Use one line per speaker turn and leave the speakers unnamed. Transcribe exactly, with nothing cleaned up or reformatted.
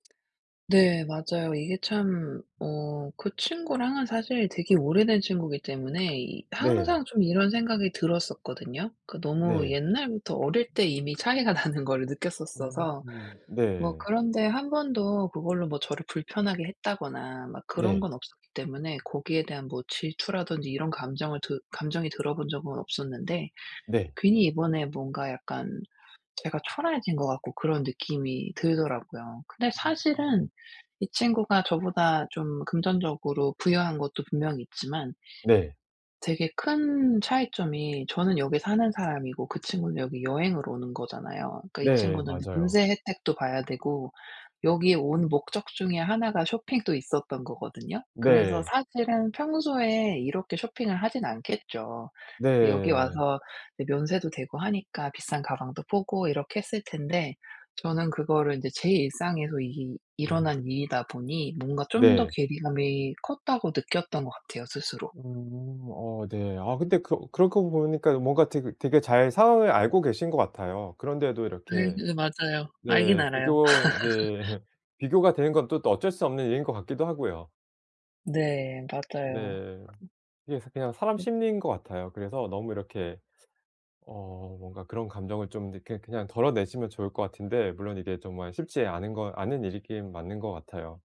네 맞아요. 이게 참 어 그 친구랑은 사실 되게 오래된 친구기 때문에 이
네.
항상 좀 이런 생각이 들었었거든요. 그 너무
네.
옛날부터 어릴 때 이미 차이가 나는 거를 느꼈었어서.
음
뭐
네.
그런데 한 번도 그걸로 뭐 저를 불편하게 했다거나 막 그런
네.
건 없었기 때문에 거기에 대한 뭐 질투라든지 이런 감정을 들 감정이 들어본 적은 없었는데
네.
괜히 이번에 뭔가 약간 제가 초라해진 것 같고 그런 느낌이 들더라고요. 근데 사실은
음.
이 친구가 저보다 좀 금전적으로 부유한 것도 분명 있지만
네.
되게 큰 차이점이 저는 여기 사는 사람이고 그 친구는 여기 여행을 오는 거잖아요. 그러니까 이
네
친구는
맞아요.
면세 혜택도 봐야 되고 여기에 온 목적 중에 하나가 쇼핑도 있었던 거거든요. 그래서
네.
사실은 평소에 이렇게 쇼핑을 하진 않겠죠. 근데 여기
네.
와서 네 면세도 되고 하니까 비싼 가방도 보고 이렇게 했을 텐데 저는 그거를 이제 제 일상에서 이게
아.
일어난 일이다 보니 뭔가 좀 더
네.
괴리감이 컸다고 느꼈던 것 같아요 스스로.
음. 어 네. 아 근데 그 그러고 보니까 뭔가 되게 되게 잘 상황을 알고 계신 것 같아요. 그런데도
아
이렇게
그 맞아요. 알긴
네
알아요.
비교 네 비교가 되는 건 또 또 어쩔 수 없는 일인 것 같기도 하고요.
네 맞아요.
네. 이게 사 그냥 사람 심리인 것 같아요. 그래서 너무 이렇게 어 뭔가 그런 감정을 좀 이렇게 그냥 덜어내시면 좋을 것 같은데 물론 이게 정말 쉽지 않은 거 않은 일이긴 맞는 것 같아요.